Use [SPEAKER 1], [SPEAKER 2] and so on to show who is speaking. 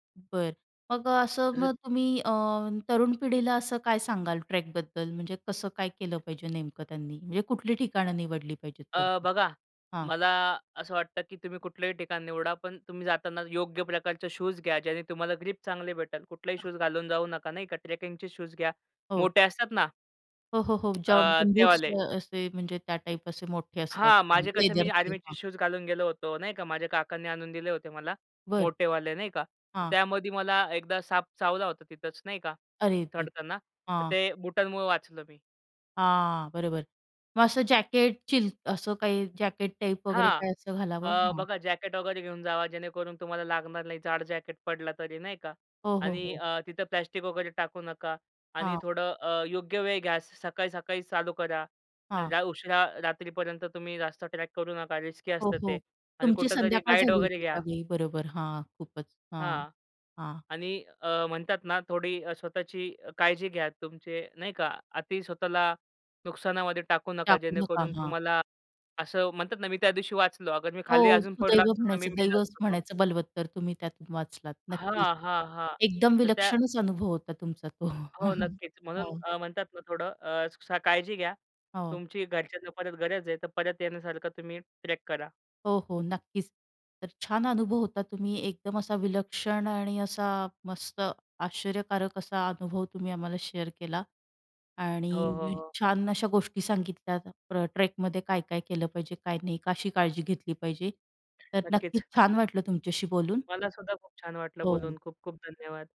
[SPEAKER 1] बरं. मग अ, असं
[SPEAKER 2] तसं
[SPEAKER 1] मग तुम्ही अ, तरुण पिढीला असं काय सांगाल ट्रेकबद्दल, म्हणजे कसं काय केलं पाहिजे नेमकं त्यांनी, म्हणजे कुठली ठिकाणं निवडली पाहिजेत?
[SPEAKER 2] अ,
[SPEAKER 1] [unintelligible]
[SPEAKER 2] बघा,
[SPEAKER 1] हां.
[SPEAKER 2] मला असं वाटतं की तुम्ही कुठल्याही ठिकाण निवडा, पण तुम्ही जाताना योग्य प्रकारचे शूज घ्या, ज्याने तुम्हाला ग्रिप चांगले भेटेल. कुठलेही शूज घालून जाऊ नका, नाही का. ट्रेकिंगचे शूज घ्या.
[SPEAKER 1] हो.
[SPEAKER 2] मोठे असतात ना.
[SPEAKER 1] हो, हो, हो. ज्या
[SPEAKER 2] अ, ते
[SPEAKER 1] बूट्स
[SPEAKER 2] वाले.
[SPEAKER 1] अ, असे, म्हणजे त्या टाइप असे मोठे असतात
[SPEAKER 2] हां, माझे कसे, मी
[SPEAKER 1] लेदरचे.
[SPEAKER 2] आर्मीचे
[SPEAKER 1] हां.
[SPEAKER 2] शूज घालून गेलो होतो, नाही का. माझ्या काकांनी आणून दिले होते मला,
[SPEAKER 1] बरं.
[SPEAKER 2] मोठेवाले नाही का.
[SPEAKER 1] हां.
[SPEAKER 2] त्यामध्ये मला एकदा साप चावला होता तिथच, नाही का
[SPEAKER 1] अरे, ते,
[SPEAKER 2] चढताना, तर
[SPEAKER 1] हां.
[SPEAKER 2] ते बुटांमुळं वाचलो मी.
[SPEAKER 1] हां, बरोबर. मग असं जॅकेट, चिल असं काही जॅकेट टाइप वगैरे
[SPEAKER 2] हां.
[SPEAKER 1] काही असं घालावं?
[SPEAKER 2] अ,
[SPEAKER 1] हां.
[SPEAKER 2] बघा जॅकेट वगैरे घेऊन जावा, जेणेकरून तुम्हाला लागणार नाही. जाड जॅकेट पडला तरी, नाही का
[SPEAKER 1] हो, हो,
[SPEAKER 2] आणि
[SPEAKER 1] हो.
[SPEAKER 2] अ, तिथं प्लास्टिक वगैरे टाकू नका आणि
[SPEAKER 1] हां.
[SPEAKER 2] थोडं अ, योग्य वेळ घ्या. असं सकाळी-सकाळी चालू करा.
[SPEAKER 1] हां.
[SPEAKER 2] लई उशिरा रात्रीपर्यंत तुम्ही रस्ता ट्रॅक करू नका. रिस्की
[SPEAKER 1] हो,
[SPEAKER 2] असतं
[SPEAKER 1] हो.
[SPEAKER 2] ते आणि
[SPEAKER 1] तुमची
[SPEAKER 2] कुठेतरी
[SPEAKER 1] संध्याकाळ
[SPEAKER 2] गाईड
[SPEAKER 1] झाली
[SPEAKER 2] वगैरे
[SPEAKER 1] होती
[SPEAKER 2] घ्या.
[SPEAKER 1] त्यावेळी, बरोबर. हां, खूपच, हां.
[SPEAKER 2] हां
[SPEAKER 1] हां.
[SPEAKER 2] आणि अ, म्हणतात ना अ, थोडी स्वतःची काळजी घ्या, तुमची नाही का. अती स्वतःला नुकसानामध्ये टाकू नका,
[SPEAKER 1] टाकू नका.
[SPEAKER 2] जेणेकरून
[SPEAKER 1] हां.
[SPEAKER 2] तुम्हाला असं म्हणतात ना, मी त्यादिवशी वाचलो. अगर मी खाली
[SPEAKER 1] हो,
[SPEAKER 2] अजून पडलो
[SPEAKER 1] सुदैव
[SPEAKER 2] असतो ना, मी
[SPEAKER 1] म्हणायचं, दैव
[SPEAKER 2] मेलो असतो मग.
[SPEAKER 1] म्हणायचं बलवत्तर. तुम्ही त्यातून वाचलात. नक्कीच.
[SPEAKER 2] हां, हां, हां.
[SPEAKER 1] एकदम
[SPEAKER 2] तर त्या
[SPEAKER 1] विलक्षणच अनुभव होता तुमचा तो,
[SPEAKER 2] हो, नक्कीच. म्हणून
[SPEAKER 1] हो.
[SPEAKER 2] अ, म्हणतात ना थोडं अ, स काळजी घ्या,
[SPEAKER 1] हो.
[SPEAKER 2] तुमची घरच्यांना परत गरज आहे, तर परत येण्यासारखं तुम्ही ट्रॅक करा.
[SPEAKER 1] हो, हो, नक्कीच. तर छान अनुभव होता. तुम्ही एकदम असा विलक्षण आणि असा मस्त, आश्चर्यकारक असा अनुभव तुम्ही आम्हाला शेअर केला
[SPEAKER 2] हो, हो,
[SPEAKER 1] आणि
[SPEAKER 2] हो.
[SPEAKER 1] छान अशा गोष्टी सांगितल्या. ट्र ट्रेकमध्ये काय-काय केलं पाहिजे, काय नाही. कशी काळजी घेतली पाहिजे, तर नक्कीच
[SPEAKER 2] नक्कीच.
[SPEAKER 1] छान वाटलं तुमच्याशी बोलून.
[SPEAKER 2] मलासुद्धा खूप छान वाटलं
[SPEAKER 1] हो.
[SPEAKER 2] बोलून. खूप-खूप धन्यवाद.